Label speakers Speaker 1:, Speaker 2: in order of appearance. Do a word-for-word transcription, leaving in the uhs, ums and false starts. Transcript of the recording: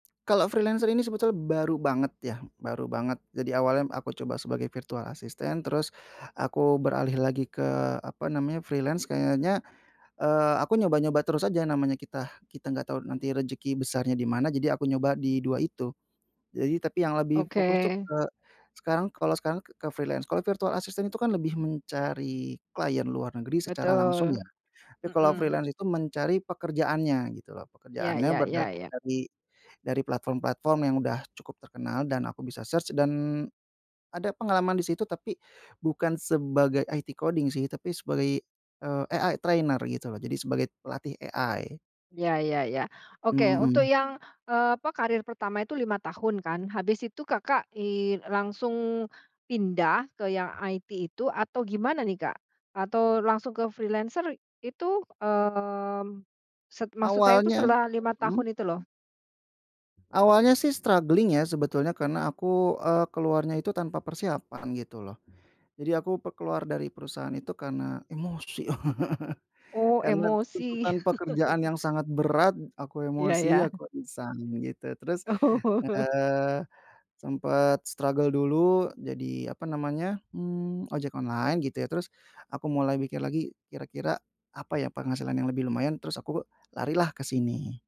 Speaker 1: Kalau freelancer ini sebetulnya baru banget ya, baru banget, jadi awalnya aku coba sebagai virtual asisstant, terus aku beralih lagi ke, apa namanya, freelance, kayaknya, eee, aku nyoba-nyoba terus aja, namanya kita kita nggak tahu nanti rezeki besarnya dimana. Jadi aku nyoba di dua itu. Jadi tapi yang lebih fokus tuh
Speaker 2: Oke.
Speaker 1: sekarang kalau sekarang ke freelance kalau virtual assistant itu kan lebih mencari klien luar negeri secara langsung ya,
Speaker 2: Betul,
Speaker 1: tapi kalau
Speaker 2: mhm.
Speaker 1: freelance itu mencari pekerjaannya, gitu loh,
Speaker 2: Ya
Speaker 1: pekerjaannya
Speaker 2: ya ya
Speaker 1: berdatangan
Speaker 2: ya.
Speaker 1: dari dari platform-platform yang udah cukup terkenal, dan aku bisa search dan ada pengalaman disitu, tapi bukan sebagai IT coding sih, tapi sebagai, eee, AI trainer, gitu loh, jadi sebagai pelatih AI.
Speaker 2: Ya ya ya, oke, untuk
Speaker 1: Mhm.
Speaker 2: yang, eee, apa, karir pertama itu, lima tahun kan, habis itu, Kakak, eee, langsung pindah ke yang IT itu, atau gimana nih, Kak, atau langsung ke freelancer itu, eee, set maksud saya itu
Speaker 1: Awalnya
Speaker 2: selama lima tahun
Speaker 1: mhm?
Speaker 2: itu, loh.
Speaker 1: Awalnya sih, struggling ya, sebetulnya karena aku, eee, keluarnya itu tanpa persiapan, gitu loh, jadi aku keluar dari perusahaan itu karena emosi,
Speaker 2: Oh,
Speaker 1: karena
Speaker 2: emosi.
Speaker 1: tuntutan pekerjaan yang sangat berat, aku
Speaker 2: Ya,
Speaker 1: emosi,
Speaker 2: ya.
Speaker 1: aku iseng gitu, terus,
Speaker 2: Oh.
Speaker 1: eee, sempet struggle dulu, jadi, apa namanya, mmm, ojek online, gitu ya, terus aku mulai mikir lagi kira-kira apa ya penghasilan yang lebih lumayan, terus aku lari lah kesini.